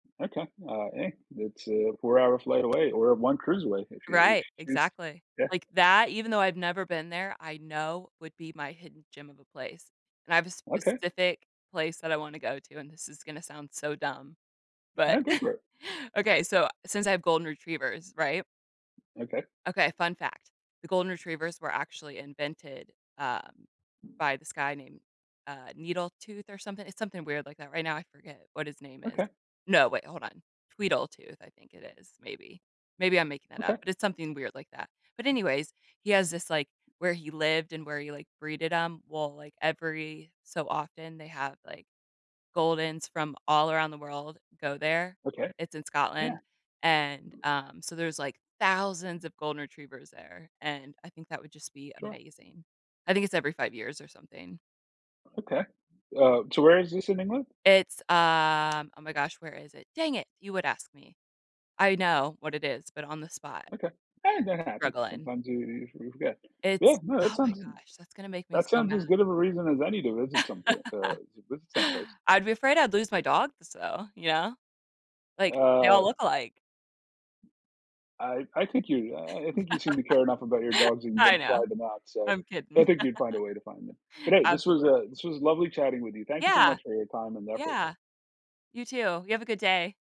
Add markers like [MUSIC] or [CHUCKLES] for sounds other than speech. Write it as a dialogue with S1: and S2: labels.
S1: Okay. Uh, eh, that's a four-hour flight away or one cruise away, if you if
S2: Right,
S1: you choose.
S2: exactly.
S1: Yeah.
S2: Like that, even though I've never been there, I know would be my hidden gem of a place. And I have a
S1: Okay.
S2: specific place that I wanna go to, and this is gonna sound so dumb, but
S1: No, go for
S2: [CHUCKLES]
S1: it.
S2: okay, so, since I have golden retrievers, right?
S1: Okay.
S2: Okay, fun fact. The golden retrievers were actually invented, um, by this guy named, uh, Needletooth or something. It's something weird like that. Right now, I forget what his name is.
S1: Okay.
S2: No, wait, hold on, Tweedletooth, I think it is, maybe. Maybe I'm making that up,
S1: Okay.
S2: but it's something weird like that. But anyways, he has this, like, where he lived and where he, like, breeded 'em, well, like every so often they have, like, goldens from all around the world go there,
S1: Okay.
S2: it's in
S1: Yeah.
S2: Scotland. And, um, so there's like thousands of golden retrievers there, and I think that would just be
S1: Sure.
S2: amazing. I think it's every 5 years or something.
S1: Okay. Uh, so where is this in England?
S2: It's, um, oh my gosh, where is it? Dang it, you would ask me. I know what it is, but on the spot,
S1: Okay, and that happens.
S2: struggling.
S1: Sometimes you you you forget.
S2: It's
S1: Well, no, that
S2: oh my
S1: sounds
S2: gosh, that's gonna make me
S1: that
S2: so
S1: sounds
S2: mad.
S1: as good of a reason as any to visit something, uh,
S2: [LAUGHS]
S1: to visit someplace.
S2: I'd be afraid I'd lose my dog, so, you know. Like, they all
S1: Uh
S2: look alike.
S1: I I think you, uh, I think you seem to care enough about your
S2: [LAUGHS]
S1: dogs and you
S2: I
S1: want to fly
S2: know.
S1: them out. So,
S2: I'm
S1: I
S2: kidding.
S1: think you'd find a way to find them, but,
S2: [LAUGHS]
S1: hey, this was,
S2: Absolutely.
S1: uh, this was lovely chatting with you. Thank you so
S2: Yeah.
S1: much for your time and effort.
S2: Yeah. You, too. You have a good day.